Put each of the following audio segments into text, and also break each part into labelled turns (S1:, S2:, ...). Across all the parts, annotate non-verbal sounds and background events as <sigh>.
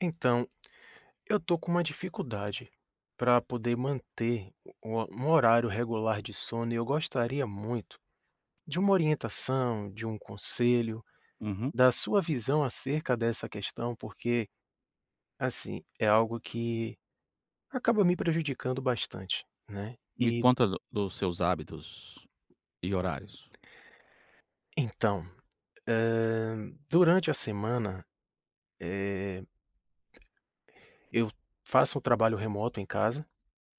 S1: Então, eu tô com uma dificuldade pra poder manter u um horário regular de sono e eu gostaria muito de uma orientação, de um conselho,
S2: Uhum.
S1: da sua visão acerca dessa questão, porque, assim, é algo que acaba me prejudicando bastante, né,
S2: Me
S1: eh
S2: conta do dos seus hábitos e horários?
S1: Então, eh, durante a semana, eh, eu faço o trabalho remoto em casa.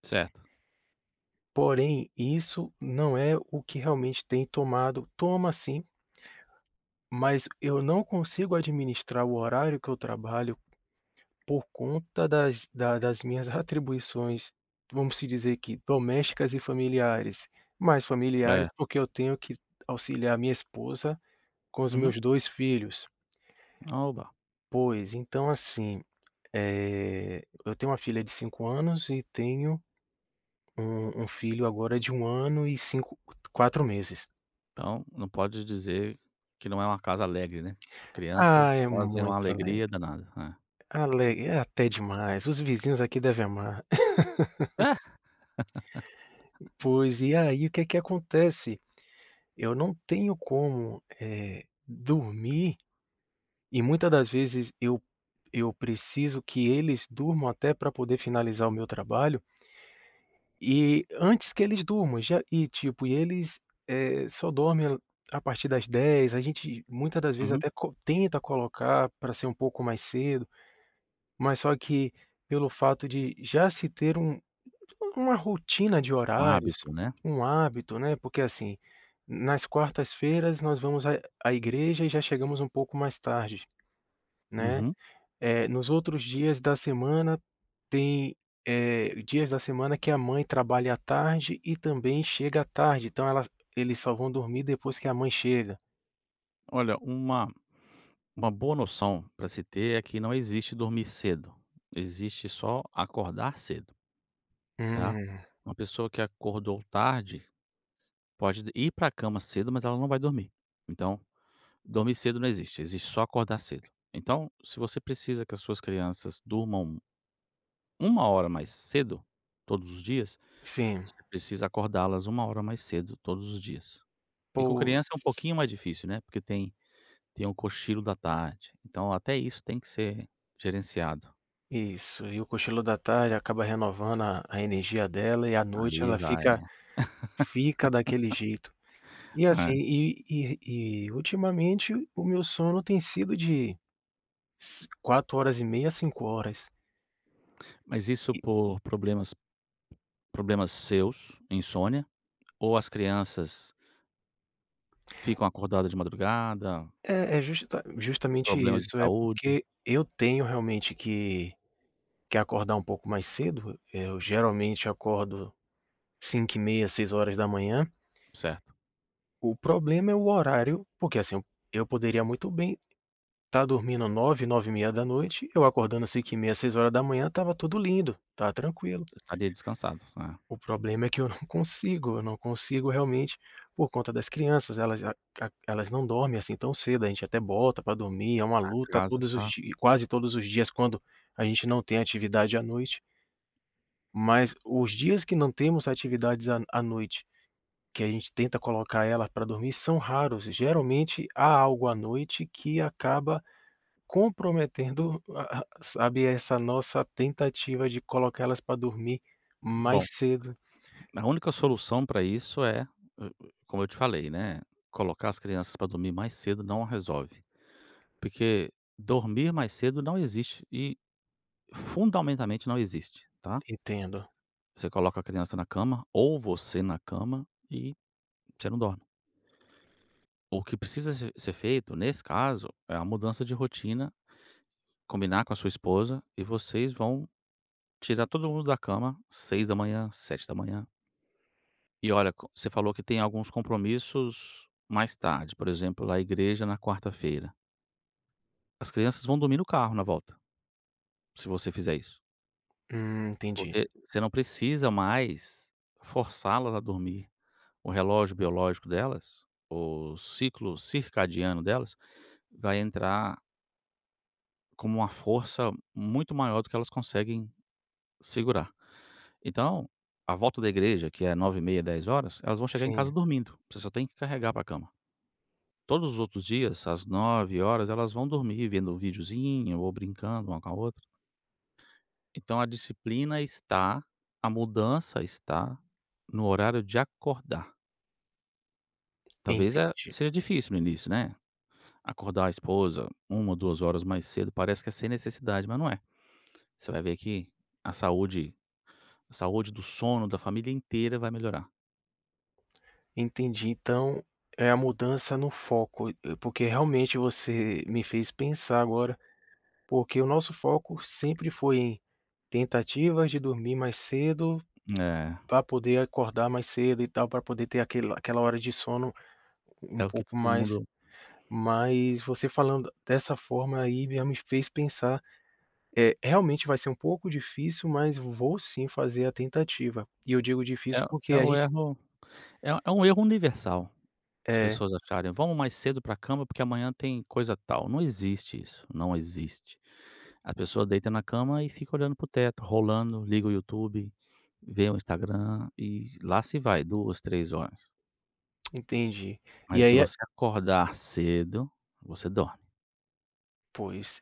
S2: Certo.
S1: Porém, isso não é o que realmente tem tomado toma sim mas eu não consigo administrar o horário que eu trabalho por conta das da das minhas atribuições, vamos se dizer que domésticas e familiares. Mais familiares,
S2: Certo.
S1: porque eu tenho que auxiliar minha esposa com os
S2: Uhum.
S1: meus dois filhos.
S2: Oba.
S1: Pois então, assim, eh, eu tenho uma filha de 5 anos e tenho um um filho, agora, de 1 ano e cinco 4 meses.
S2: Então, não pode dizer que não é uma casa alegre, né,
S1: Ah,
S2: crianças
S1: é
S2: trazem uma
S1: muito alegre,
S2: alegria danada. É.
S1: alegre, é até demais. Os vizinhos aqui devem amar. <laughs>
S2: <laughs>
S1: Pois e aí o que que acontece, eu não tenho como, eh, dormir. E muita das vezes eu eu preciso que eles durmam até pra poder finalizar o meu trabalho e antes que eles durmam já e tipo, eles, eh, só dormem a partir das 22:00, a gente muitas das vezes,
S2: Uhum.
S1: até co tenta colocar pra ser um pouco mais cedo, mas só que pelo fato de já se ter um uma rotina de
S2: Um
S1: horários,
S2: hábito, né.
S1: um hábito, né, porque assim, nas quartas-feiras nós vamos à à igreja e já chegamos um pouco mais tarde, né.
S2: Uhum.
S1: Eh, nos outros dias da semana tem, eh, dias da semana que a mãe trabalha à tarde e também chega tarde, então ela eles só vão dormir depois que a mãe chega.
S2: Olha, uma uma boa noção pra se ter é que não existe dormir cedo, existe só acordar cedo tá.
S1: Hum.
S2: Uma pessoa que acordou tarde pode ir pra cama cedo, mas ela não vai dormir. Então, dormir cedo não existe, existe só acordar cedo. Então, se você precisa que as suas crianças durmam 1 hora mais cedo todos os dias,
S1: Sim.
S2: você precisa acordá-las 1 hora mais cedo todos os dias. E com criança é um
S1: Pois.
S2: pouquinho mais difícil, né. Porque tem, tem o cochilo da tarde, então até isso tem que ser gerenciado.
S1: Isso, e o cochilo da tarde acaba renovando a a energia dela e à noite
S2: Aí
S1: ela
S2: vai.
S1: fica
S2: É.
S1: fica daquele jeito. E assim
S2: <laughs> É.
S1: e e e ultimamente o meu sono tem sido de ci 4, horas e meia 5 horas.
S2: Mas isso
S1: E
S2: por problemas, problemas seus, insônia, ou as crianças ficam acordadas de madrugada
S1: É, é justa justamente
S2: problemas de
S1: isso, é
S2: saúde?
S1: porque eu tenho realmente que que acordar um pouco mais cedo. Eu geralmente acordo 05:30, 06:00.
S2: Certo.
S1: O problema é o horário, porque assim eu poderia muito bem tá dormindo 21:00, 21:30, eu acordando 05:30, 06:00 tava tudo lindo, tava tranquilo.
S2: Estaria descansado, é.
S1: O problema é que eu não consigo, eu não consigo realmente por conta das crianças, elas a a elas não dormem assim tão cedo, a gente até bota pra dormir, é uma
S2: A
S1: luta
S2: casa,
S1: todos os
S2: tá
S1: dias quase todos os dias quando a gente não tem atividade à noite. Mas os dias que não temos atividades à à noite, que a gente tenta colocar ela pra dormir, são raros. Geralmente há algo à noite que acaba comprometendo a a sabe, essa nossa tentativa de colocar elas pra dormir mais
S2: Bom,
S1: cedo.
S2: a única solução pra isso é, <unintelligible> como eu te falei, né, colocar as crianças pra dormir mais cedo não resolve, porque dormir mais cedo não existe e fundamentalmente não existe, tá.
S1: Entendo.
S2: Você coloca a criança na cama ou você na cama e você não dorme. O que precisa ser ser feito, nesse caso, é uma mudança de rotina, combinar com a sua esposa e vocês vão tirar todo mundo da cama 06:00, 07:00. E olha co você falou que tem alguns compromissos mais tarde, por exemplo, lá a igreja na quarta-feira. As crianças vão dormir no carro na volta, se você fizer isso.
S1: Hum, entendi.
S2: Porque você não precisa mais forçá-las a dormir. O relógio biológico delas, o ciclo circadiano delas, vai entrar com uma força muito maior do que elas conseguem segurar. Então, a volta da igreja, que é 21h30, 22:00, elas vão chegar em casa
S1: Sim.
S2: dormindo, você só tem que carregar pra cama. Todos os outros dias, às 21:00, elas vão dormir vendo videozinho ou brincando uma com a outra. Então a disciplina está a mudança está no horário de acordar. Talvez é
S1: Entendi.
S2: seja difícil no início, né, acordar a esposa 1 ou 2 horas mais cedo, parece que é sem necessidade, mas não é. Você vai ver que a saúde a saúde do sono da família inteira vai melhorar.
S1: Entendi. Então é a mudança no foco e e porque realmente você me fez pensar agora, porque o nosso foco sempre foi tentativa de dormir mais cedo
S2: É.
S1: pra poder acordar mais cedo e tal, pra poder ter aquele aquela hora de sono
S2: É
S1: um
S2: o que
S1: pouco
S2: todo
S1: mais
S2: mundo
S1: mas você falando dessa forma aí, já me fez pensar é, realmente vai ser um pouco difícil, mas vou sim, fazer a tentativa. E eu digo
S2: É
S1: difícil,
S2: o
S1: porque
S2: é
S1: a
S2: o
S1: gente
S2: erro é é um erro universal as
S1: É.
S2: pessoas acharem: "Vamos mais cedo pra cama, porque amanhã tem coisa tal". Não existe isso, não existe. A pessoa deita na cama e fica olhando para o teto, rolando, liga o YouTube, vê o Instagram e lá se vai 2, 3 horas.
S1: Entendi. E
S2: Mas se
S1: aí a
S2: você acordar cedo, você dorme.
S1: Pois.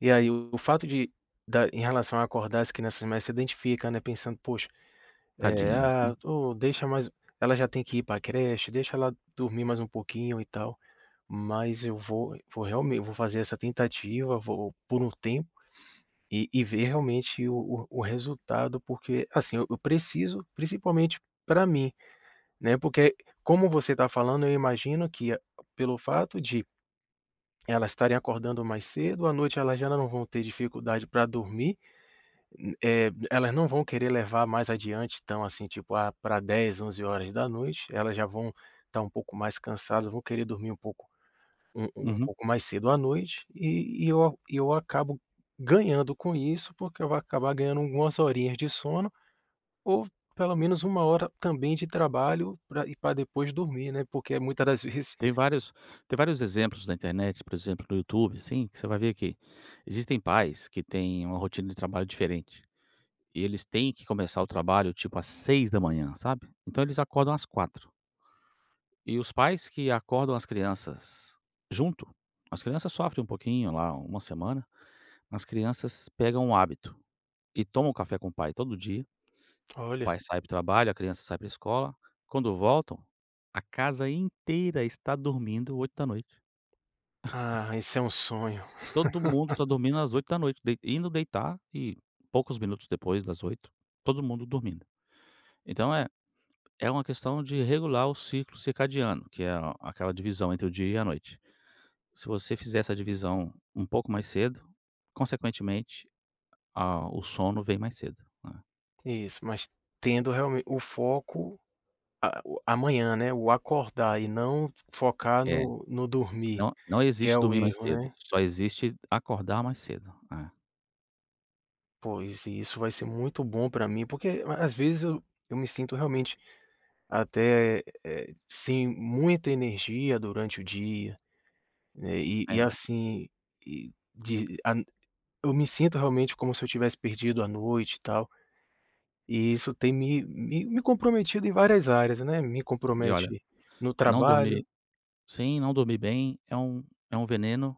S1: E aí o o fato de da em relação a acordar as crianças mais cedo, se identifica, né, pensando: "Poxa, eh,
S2: Tadinhos, né.
S1: a ô, deixa mais ela já tem que ir pra creche, deixa ela dormir mais um pouquinho e tal.", mas eu vou vou realme vou fazer essa tentativa, vou por um tempo e e ver realmente o o o resultado, porque, assim, eu eu preciso, principalmente pra mim, né, porque como você tá falando, eu imagino que a pelo fato de elas estarem acordando mais cedo, à noite elas já não vão ter dificuldade pra dormir, hum, eh, elas não vão querer levar mais adiante, tão, assim, tipo, ah, pra 22h, 23h elas já vão tá um pouco mais cansadas, vão querer dormir um pouco um um
S2: Uhum.
S1: pouco mais cedo à noite e e eu e eu acabo ganhando com isso, porque eu vou acabar ganhando algumas horinhas de sono ou pelo menos 1 hora também de trabalho pra e pra depois dormir, né. Porque muitas das vezes
S2: Tem vários tem vários exemplos na internet, por exemplo, no YouTube, assim, você vai ver que existem pais que têm uma rotina de trabalho diferente e eles têm que começar o trabalho, tipo, às 6h, sabe, então eles acordam às 4h. E os pais que acordam as crianças junto, as crianças sofrem um pouquinho lá, 1 semana, mas crianças pegam o hábito e tomam café com o pai todo dia, o pai
S1: Olha.
S2: sai para o trabalho, a criança sai pra escola, quando voltam, a casa inteira está dormindo 20h.
S1: Ah,
S2: <chuckles>
S1: isso é um sonho.
S2: Todo mundo tá
S1: <laughs>
S2: dormindo às 20h, dei indo deitar e poucos minutos depois das 20h, todo mundo dormindo. Então é é uma questão de regular o ciclo circadiano que a aquela divisão entre o dia e a noite, se você fizer essa divisão um pouco mais cedo consequentemente a o sono vem mais cedo, né.
S1: Isso, mas tendo real o foco, a o amanhã, né, o acordar e não focar
S2: É,
S1: no no dormir,
S2: não, não
S1: que é
S2: existe
S1: o
S2: dormir mais
S1: erro,
S2: cedo,
S1: né?
S2: só existe acordar mais cedo. É.
S1: Pois, e isso vai ser muito bom pra mim, porque às vezes eu eu me sinto realmente até, eh, sem muita energia durante o dia, eh, e e,
S2: É.
S1: assim, e de ah eu me sinto realmente como se eu tivesse perdido a noite e tal. E isso tem me me me comprometido em várias áreas, né, me
S2: E olha,
S1: compromete no
S2: não
S1: trabalho.
S2: dormir sim, não dormir bem é um é um veneno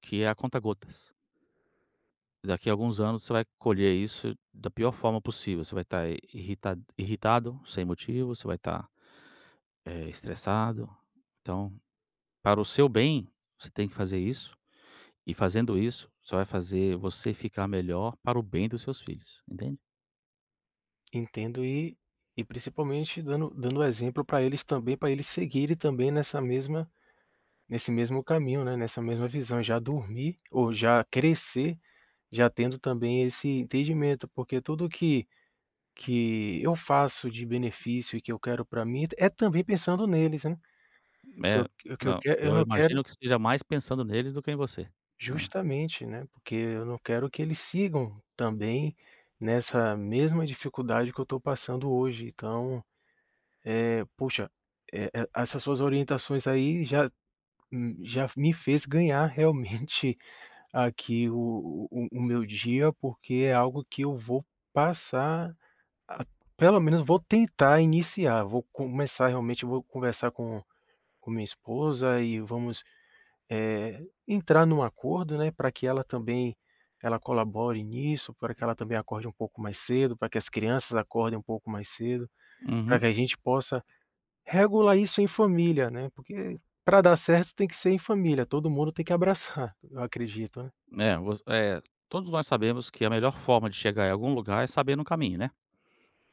S2: que é a conta gotas. Daqui a alguns anos, você vai colher isso da pior forma possível. Você vai tá irritad irritado sem motivo, você vai tá, eh, estressado, então, para o seu bem, você tem que fazer isso. E, fazendo isso, só vai fazer você ficar melhor para o bem dos seus filhos, entende?
S1: Entendo. E e principalmente dando dando o exemplo pra eles também, pra eles seguirem também nessa mesma nesse mesmo caminho, né, nessa mesma visão, já dormir ou já crescer, já tendo também esse entendimento, porque tudo que que eu faço de benefício e que eu quero pra mim é t é também pensando neles, né. O que
S2: É.
S1: eu o que eu
S2: Não,
S1: quer eu
S2: eu
S1: não
S2: imagino
S1: quero
S2: que esteja mais pensando neles do que em você, né.
S1: Justamente, né, porque eu não quero que eles sigam também nessa mesma dificuldade que eu tô passando hoje. Então, eh, poxa, eh, e essas suas orientações aí já hum, já me fez ganhar realmente aqui o o o meu dia, porque é algo que eu vou passar a pelo menos vou tentar iniciar, vou começar realmente vou conversar com com minha esposa e vamos, eh, entrar num acordo, né, pra que ela também ela colabore nisso, pra que ela também acorde um pouco mais cedo, pra que as crianças acordem um pouco mais cedo, pra
S2: Uhum.
S1: que a gente possa regular isso em família, né, porque pra dar certo tem que ser em família, todo mundo tem que abraçar, eu acredito, né.
S2: É, voc é, todos nós sabemos que a melhor forma de chegar em algum lugar é sabendo o caminho, né.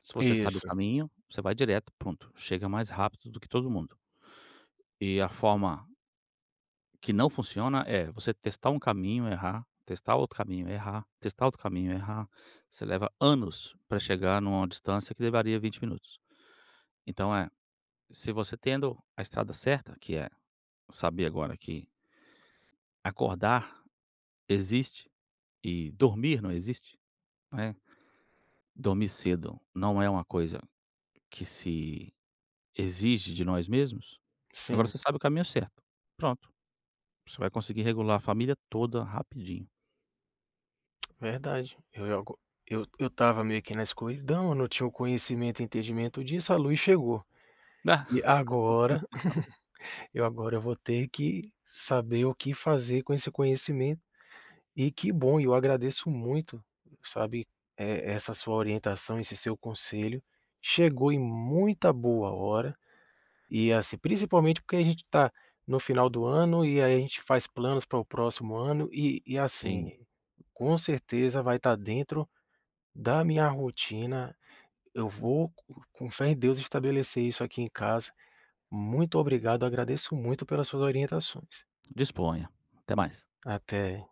S2: Se você sabe o
S1: Isso.
S2: caminho, você vai direto e pronto, chega mais rápido do que todo mundo. E a forma que não funciona é você testar um caminho, errar, testar outro caminho, errar, testar outro caminho, errar. Você leva anos pra chegar numa distância que levaria 20 minutos. Então, eh, se você tendo a estrada certa, que é saber agora que acordar existe e dormir não existe, né, dormir cedo não é uma coisa que se exige de nós mesmos, agora
S1: Sim.
S2: você sabe o caminho certo. Pronto, você vai conseguir regular a família toda rapidinho.
S1: Verdade. Eu ia go eu t eu estava meio que na escuridão, eu não tinha o conhecimento e entendimento disso, a luz chegou. E agora
S2: <laughs>
S1: <chuckles> eu agora vou ter que saber o que fazer com esse conhecimento e que bom, eu agradeço muito, sabe, e essa sua orientação, esse seu conselho, chegou em muita boa hora. E, assim, principalmente porque a gente tá no final do ano e aí a gente faz planos pra o próximo ano e e, assim,
S2: Sim.
S1: com certeza, vai tá dentro da minha rotina, eu vou com fé em Deus estabelecer isso aqui em casa. Muito obrigado, agradeço muito pelas suas orientações.
S2: Disponha. Até mais.
S1: Até.